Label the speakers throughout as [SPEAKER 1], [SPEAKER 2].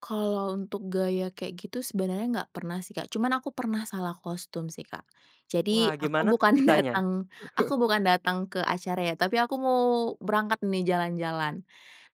[SPEAKER 1] Kalau untuk gaya kayak gitu sebenarnya gak pernah sih, Kak, cuman aku pernah salah kostum sih, Kak.
[SPEAKER 2] Wah
[SPEAKER 1] Jadi aku
[SPEAKER 2] gimana tuh
[SPEAKER 1] bukan
[SPEAKER 2] ceritanya?
[SPEAKER 1] datang aku bukan datang ke acara ya, tapi aku mau berangkat nih jalan-jalan.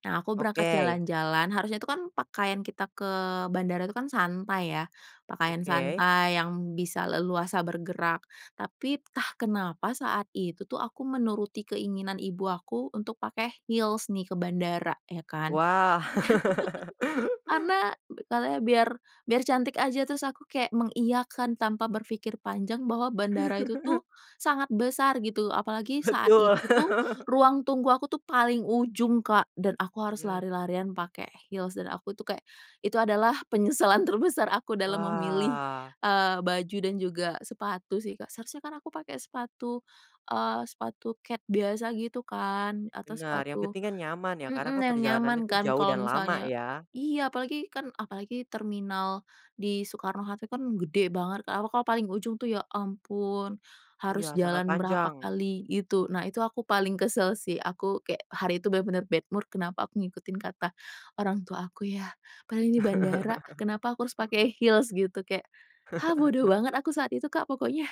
[SPEAKER 1] Nah, aku berangkat
[SPEAKER 2] Oke.
[SPEAKER 1] jalan-jalan, harusnya itu kan pakaian kita ke bandara itu kan santai ya, pakaian
[SPEAKER 2] Oke.
[SPEAKER 1] santai yang bisa leluasa bergerak, tapi entah kenapa saat itu tuh aku menuruti keinginan ibu aku untuk pakai heels nih ke bandara ya kan,
[SPEAKER 2] Wah.
[SPEAKER 1] karena be katanya biar biar cantik aja, terus aku kayak mengiyakan tanpa berpikir panjang bahwa bandara itu tuh sangat besar gitu apalagi saat
[SPEAKER 2] Betul.
[SPEAKER 1] itu tuh ruang tunggu aku tuh paling ujung, Kak, dan aku harus
[SPEAKER 2] Iya.
[SPEAKER 1] lari-larian pakai heels dan aku tuh kayak, itu adalah penyesalan terbesar aku dalam memilih,
[SPEAKER 2] Wah.
[SPEAKER 1] eee, baju dan juga sepatu sih, Kak. Seharusnya kan aku pakai sepatu, eee, sepatu kets biasa gitu kan atau
[SPEAKER 2] Benar, yang
[SPEAKER 1] sepatu
[SPEAKER 2] penting kan nyaman ya karena
[SPEAKER 1] mhm,
[SPEAKER 2] kan
[SPEAKER 1] yang
[SPEAKER 2] perjalanannya
[SPEAKER 1] nyaman
[SPEAKER 2] tuh
[SPEAKER 1] kan
[SPEAKER 2] jauh
[SPEAKER 1] kalau
[SPEAKER 2] dan lama
[SPEAKER 1] misalnya
[SPEAKER 2] ya.
[SPEAKER 1] iya, apalagi kan apalagi terminal di Soekarno Hatta kan gede banget, apalagi kalau paling ujung tuh ya ampun harus
[SPEAKER 2] Iya sangat
[SPEAKER 1] jalan berapa
[SPEAKER 2] panjang.
[SPEAKER 1] kali gitu. Nah itu aku paling kesel sih, aku kayak hari itu bener-bener bad mood kenapa aku ngikutin kata orang tua aku ya, padahal ini bandara, kenapa aku harus pakai heels gitu kayak, ah bodoh banget aku saat itu, Kak, pokoknya.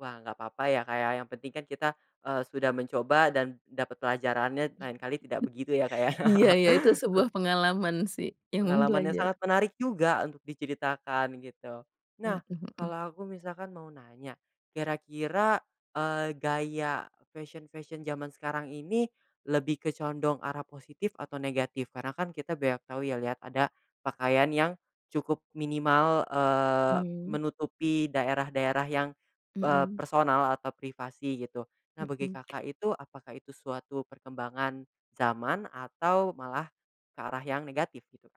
[SPEAKER 2] Wah, gak papa ya, Kak, ya, yang penting kan kita, eee, sudah mencoba dan dapat pelajarannya, lain kali tidak begitu ya, Kak, ya.
[SPEAKER 1] Iya iya, itu sebuah pengalaman sih, emang
[SPEAKER 2] Pengalaman yang
[SPEAKER 1] belajar.
[SPEAKER 2] sangat menarik juga untuk diceritakan gitu.
[SPEAKER 1] Mhm
[SPEAKER 2] Nah,
[SPEAKER 1] mhm.
[SPEAKER 2] kalau aku misalkan mau nanya, kira-kira, eee, gaya fashion-fashion zaman sekarang ini lebih ke condong arah positif atau negatif? Karena kan kita banyak tau ya lihat ada pakaian yang cukup minimal, eee,
[SPEAKER 1] Mmm.
[SPEAKER 2] menutupi daerah-daerah yang, eee,
[SPEAKER 1] Mmm.
[SPEAKER 2] personal atau privasi gitu, nah bagi
[SPEAKER 1] Mmm.
[SPEAKER 2] Kakak itu apakah itu suatu perkembangan zaman atau malah ke arah yang negatif, gitu, Kak?